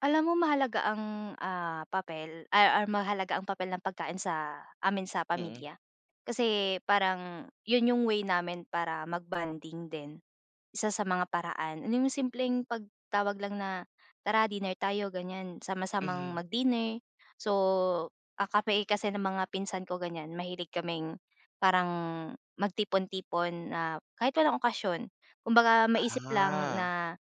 Alam mo mahalaga ang, ah, papel ay or mahalaga ang papel ng pagkain sa amin sa Mm. pamilya. Kasi parang yun yung way namin para mag-bonding din. Isa sa mga paraan nung simpleng pagtawag lang na, "Tara dinner tayo." Ganyan, sama-samang Mhm. mag-dinner. So, ah, kami kasi ng mga pinsan ko ganyan. Mahilig kaming parang magtipon-tipon na kahit walang okasyon. Kumbaga, maisip lang Ah. na,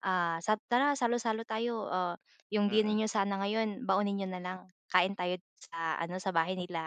ah, sab "Tara salo-salo tayo. Ah, yung dinner Mm. niyo sana ngayon baunin niyo na lang. Kain tayo dito sa ano, sa bahay nila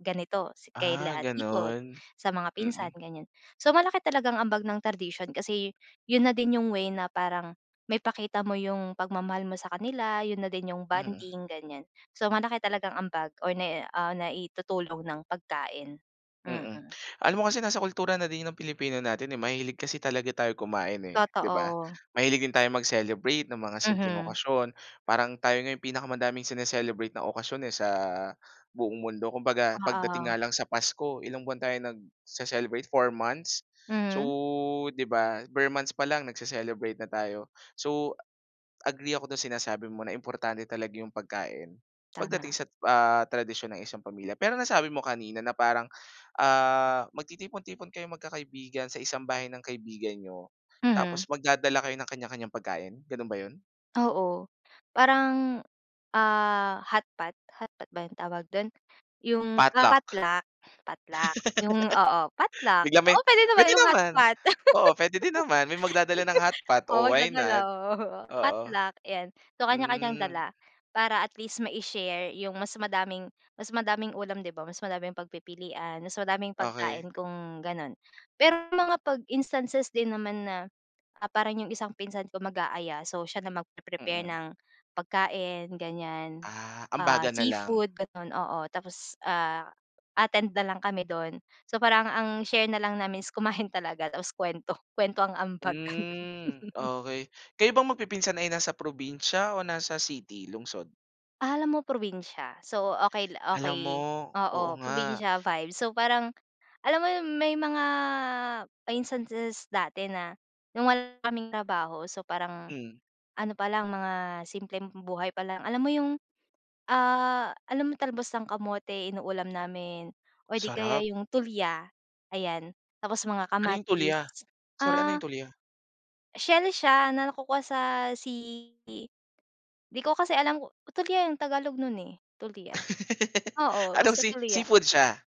ganito si Ah, kila tito, ganun, sa mga pinsan." mm. Ganyan. So, malaki talaga ang ambag ng tradision kasi yun na din yung way na parang maipakita mo yung pagmamahal mo sa kanila, yun na din yung Mm. bonding, ganyan. So, malaki talagang ambag or nai-a ah, naitutulong ng pagkain. Mm. Mm, alam mo kasi nasa kultura na din 'yon ng Pilipino natin, eh, mahilig kasi talaga tayo kumain, eh, di ba? Totoo. Mahilig din tayo mag-celebrate ng mga simpleng Mhm. okasyon parang tayo nga yung pinakamadaming sine-celebrate na okasyon, eh, sa buong mundo. Kumbaga pagdating Oo. nga lang sa Pasko ilang buwan tayo nagce-celebrate, 4 months? So, Mhm. di ba, ber months pa lang nagcee-celebrate na tayo. So, agree ako dun sinasabi mo na importante talaga yung pagkain pagdating Tama. sa, ah, tradisyon ng isang pamilya. Pero nasabi mo kanina na parang, ah, magtitipon-tipon kayong magkakaibigan sa isang bahay ng kaibigan niyo Mhm. tapos magdadala kayo ng kanya-kanyang pagkain, ganun ba yun? Oo, parang, ah, hotpot. Hotpot ba yung tawag dun? Yung, Potluck. totluck, totluck, yung oo, potluck. Biglang may Oo, pwede naman pwede yung naman. hotpot. Oo, pwede din naman may magdadala ng hotpot, Oh, oh, why magdadala not? Oo. potluck, ayan. So, kanya-kanyang Hmm. dala para at least mai-share yung mas madaming mas madaming ulam, di ba? Mas madaming pagpipilian, mas madaming pagkain Okey. kung ganon. Pero mga pag instances din naman na, ah, parang yung isang pinsan ko mag-aaya. So, siya na magpe-prepare Mm. ng pagkain, ganyan. Ah, Ah, ambagan na lang. seafood, ganon. Oo, tapos, ah, attend na lang kami dun. So, parang ang share na lang namin is kumain talaga tapos kwento. Kwento ang ambag. Ganun. Hmm, okay. Kayo bang magpipinsan ay nasa probinsiya o nasa city, lungsod? Alam mo probinsya. So, okay la Alam mo okay. oo Oo, nga. probinsya vibe. So, parang alam mo yung may mga instances dati na nung wala kaming trabaho, so, parang Hmm. ano pa lang mga simpleng buhay pa lang. Alam mo yung, ah, alam mo talbos ng kamote inuulam namin or di kaya Sarap. yung tulya, ayan. Tapos mga Ano yung tulya? kamatis, Sorry, ano ah yung tulya? Shell siya na nakukuha sa sea i di ko kasi alam kung tulya yung tagalog nun, eh. Tulya, oo Anong basta sea tulya. seafood siya?